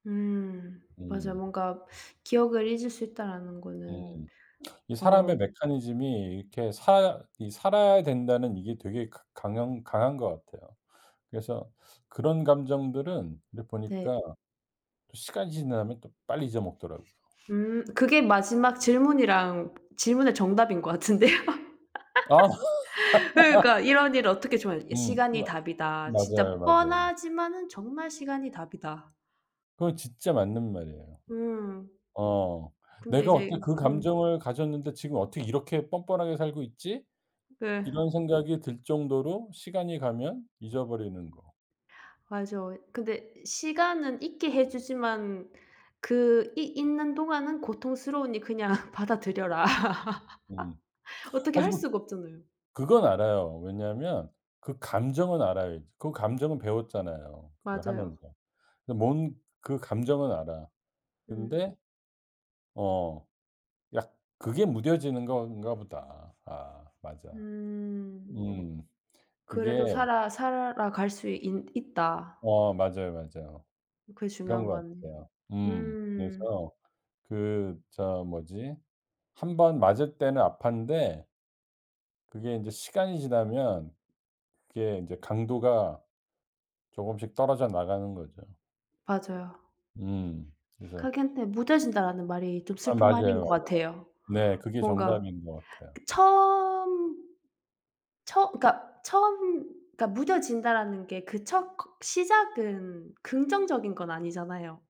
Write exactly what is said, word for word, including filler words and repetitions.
음 맞아요. 음. 뭔가 기억을 잊을 수 있다라는 거는 음. 이 어 사람의 메커니즘이 이렇게 살 이 살아야 된다는 이게 되게 그 강한 강한 것 같아요. 그래서 그런 감정들은 이제 네. 보니까 또 시간이 지나면 또 빨리 잊어먹더라고요. 음 그게 마지막 질문이랑 질문의 정답인 것 같은데요. 그러니까 이런 일을 어떻게 저 음 시간이 마 답이다. 맞아요, 진짜 맞아요. 뻔하지만은 정말 시간이 답이다. 그건 진짜 맞는 말이에요. 음. 어 근데 "내가 이제 어떻게 그 음. 감정을 가졌는데 지금 어떻게 이렇게 뻔뻔하게 살고 있지?" 이 네. 이런 생각이 들 정도로 시간이 가면 잊어버리는 거. 맞아요. 근데 시간은 잊게 해 주지만 그 이 잊는 동안은 고통스러우니 그냥 받아들여라. 음. 어떻게 할 하지만 수가 없잖아요. 그건 알아요. 왜냐하면 그 감정은 알아야지. 그 감정은 배웠잖아요, 그걸 맞아요. 하면서. 그 뭔 그 감정은 알아. 음. 근데 어 약 그게 무뎌지는 건가 보다. 아 맞아. 음. 음 그게 그래도 살아 살아가 갈 수 있 있다. 어 맞아요, 맞아요. 그게 그런 중요한 것 것 같네요. 같아요. 음 음. 그래서 그 저 뭐지 한 번 맞을 때는 아팠는데 그게 인제 시간이 지나면 그게 이제 강도가 조금씩 떨어져 나가는 거죠. 맞아요. 음 그래서 그렇긴 한데 "무뎌진다."라는 말이 좀 아 슬픈 맞아요, 말인 것 맞아요. 같아요. 네 그게 뭔가 정답인 것 같아요. 그 처음 처 그니까 처음 그러니까 무뎌진다라는 게 그 첫 커 시작은 긍정적인 건 아니잖아요.